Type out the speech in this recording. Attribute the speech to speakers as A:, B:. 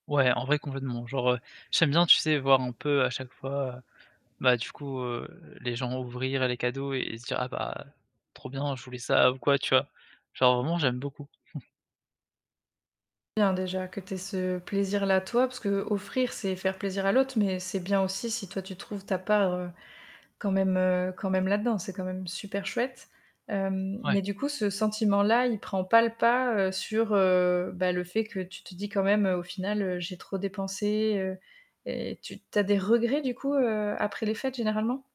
A: Ouais, en vrai complètement, genre, heu, j'aime bien, tu sais, voir un peu à chaque fois, bah, du coup, heu, les gens ouvrir les cadeaux et se dire: «Ah bah, trop bien je voulais ça» ou quoi, tu vois? Genre vraiment j'aime beaucoup.
B: Bien déjà que tu aies ce plaisir-là toi, parce qu'offrir, c'est faire plaisir à l'autre, mais c'est bien aussi si toi, tu trouves ta part, heu, quand même, heu, quand même là-dedans, c'est quand même super chouette. Hem,
A: Ouais.
B: mais du coup, ce sentiment-là, il prend pas le pas, heu, sur, heu, bah, le fait que tu te dis: «Quand même au final, heu, j'ai trop dépensé», heu, et tu tu as des regrets du coup, heu, après les fêtes généralement?